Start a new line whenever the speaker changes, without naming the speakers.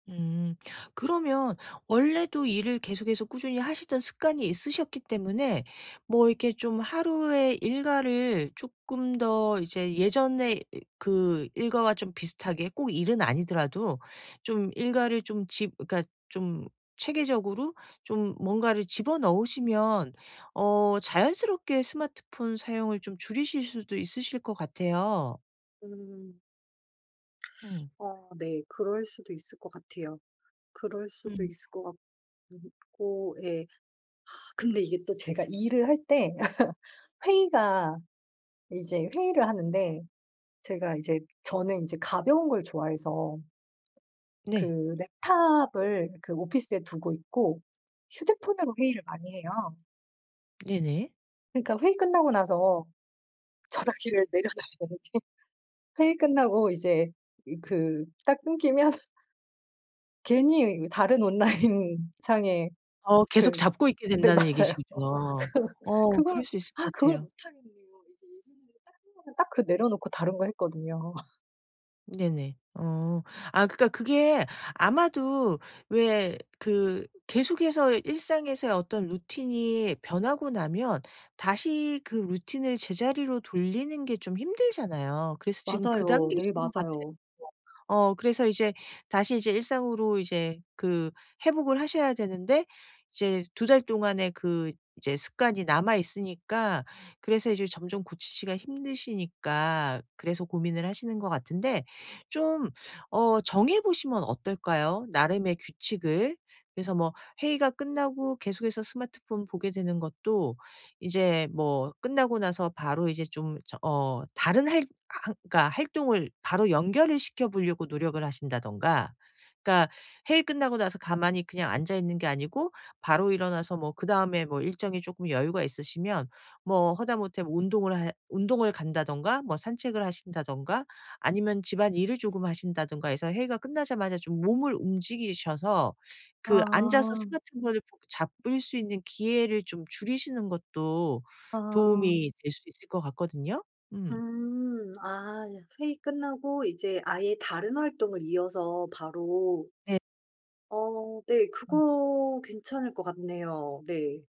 음. 그러면 원래도 일을 계속해서 꾸준히 하시던 습관이 있으셨기 때문에 뭐 이렇게 좀 하루에 일과를 쪼끔 더 이제 예전에 이 그 일과와 좀 비슷하게 꼭 일은 아니더라도 좀 일과를 좀 집 그러니까 좀 체계적으로 좀 뭔가를 집어 넣으시면 어 자연스럽게 스마트폰 사용을 좀 줄이실 수도 있으실 것 같아요.
음.
응.
어. 네. 그럴 수도 있을 것 같아요. 그럴 수도
음.
있을 것 같 음 고 예. 아 근데 이게 또 제가 일을 할 때 회의가 이제 회의를 하는데 제가 이제 저는 이제 가벼운 걸 좋아해서 그
네.
랩탑을 그 오피스에 두고 있고 휴대폰으로 회의를 많이 해요.
네네.
그러니까 회의 끝나고 나서 전화기를 내려 달라는 게 회의 끝나고 이제 이 그 딱 끊기면 괜히 이 다른 온라인 상에
어
그
계속 잡고 있게
네.
된다는
맞아요.
얘기시군요.
그
어.
그걸
그럴 수 있을
아
것
그걸
같아요.
못하겠는 거 이제 예전에는 딱 끝나면 딱 그 내려놓고 다른 거 했거든요.
네네. 어. 아 그러니까 그게 아마도 왜 그 계속해서 일상에서의 어떤 루틴이 변하고 나면 다시 그 루틴을 제자리로 돌리는 게 좀 힘들잖아요. 그래서 지금 그
맞아요. 네
단계이신 것 같아요.
맞아요.
어 그래서 이제 다시 이제 일상으로 이제 그 회복을 하셔야 되는데 이제 2 달 동안에 그 이제 습관이 남아 있으니까 그래서 이제 점점 고치시기가 힘드시니까 그래서 고민을 하시는 것 같은데 좀 어 정해 보시면 어떨까요 나름의 규칙을? 그래서 뭐 회의가 끝나고 계속해서 스마트폰 보게 되는 것도 이제 뭐 끝나고 나서 바로 이제 좀 저 어 다른 할 활 그러니까 활동을 바로 연결을 시켜 보려고 노력을 하신다든가 그러니까 회의 끝나고 나서 가만히 그냥 앉아있는 게 아니고 바로 일어나서 뭐 그다음에 뭐 일정이 쪼끔 여유가 있으시면 뭐 하다못해 뭐 운동을 해 운동을 간다든가 뭐 산책을 하신다든가 아니면 집안일을 조금 하신다든가 해서 회의가 끝나자마자 좀 몸을 움직이셔서 그 앉아서
아.
스마트폰을 붙 잡을 수 있는 기회를 좀 줄이시는 것도
아.
도움이 될 수도 있을 것 같거든요? 음.
음. 아 예. 회의 끝나고 이제 아예 다른 활동을 이어서 바로
네.
어 네.
음.
그거 괜찮을 것 같네요. 네.